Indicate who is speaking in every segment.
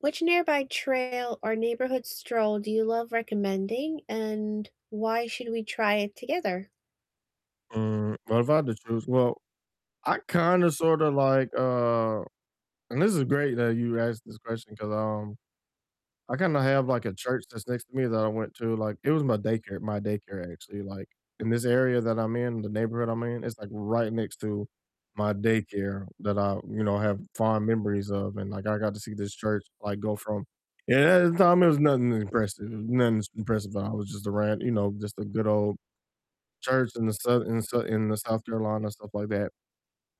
Speaker 1: Which nearby trail or neighborhood stroll do you love recommending, and why should we try it together?
Speaker 2: Mm, well if I had to choose, well, I kinda sorta like, uh and this is great that you asked this question 'cause, um, I kinda have, like, a church that's next to me that I went to, like, it was my daycare my daycare actually, like, in this area that I'm in, the neighborhood I'm in, it's, like, right next to my daycare that I, you know, have fond memories of, and, like, I got to see this church, like, go from yeah, at the time it was nothing impressive, it was nothing impressive about it, it was just a ran you know, just a good old church in the Sou in the Sou in the South Carolina, stuff like that,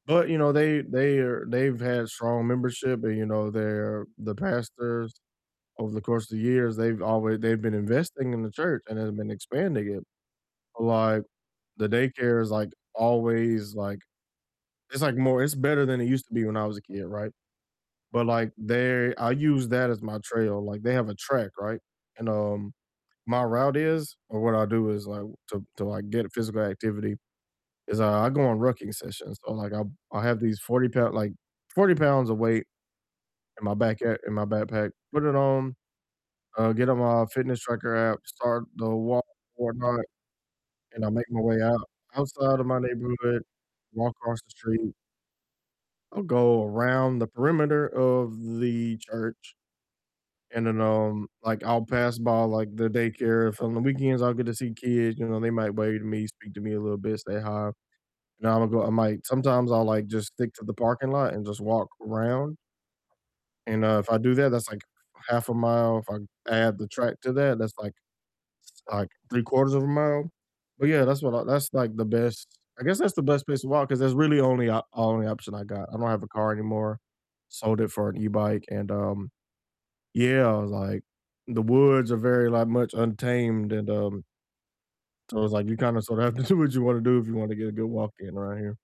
Speaker 2: but, you know, they they are they've had strong membership and, you know, their the pastors over the course of the years they've alway they've been investing in the church and have been expanding it, like, the daycare is, like, always, like, it's, like, more it's better than it used to be when I was a kid, right, but, like, they I use that as my trail, like, they have a track, right, and, um, my route is or what I do is, like to to, like, get physical activity, is I I go on rucking sessions, so, like, I'll I'll have these 40 pou like 40 pounds of weight in my back a in my backpack, put it on, uh, get on my fitness tracker app, start the walk or whatnot, and I make my way out outside of my neighborhood, walk across the street I'll go around the perimeter of the church and then, um, like, I'll pass by, like, the daycare, if on the weekends I'll get to see kids, you know, they might wave to me, speak to me a little bit, say hi, you know, I'ma go I might sometimes I'll, like, just stick to the parking lot and just walk around and, uh, if I do that, that's, like, half a mile, if I add the track to that, that's, like it's, like, 3 quarters of a mile, but, yeah, that's what I that's like the best I guess that's the best place to walk 'cause that's really only o only option I got, I don't have a car anymore, sold it for an e-bike and, um yeah, like, the woods are very, like, much untamed and, um so it's, like, you kinda sorta have to do what you wanna do if you want to get a good walk in around here.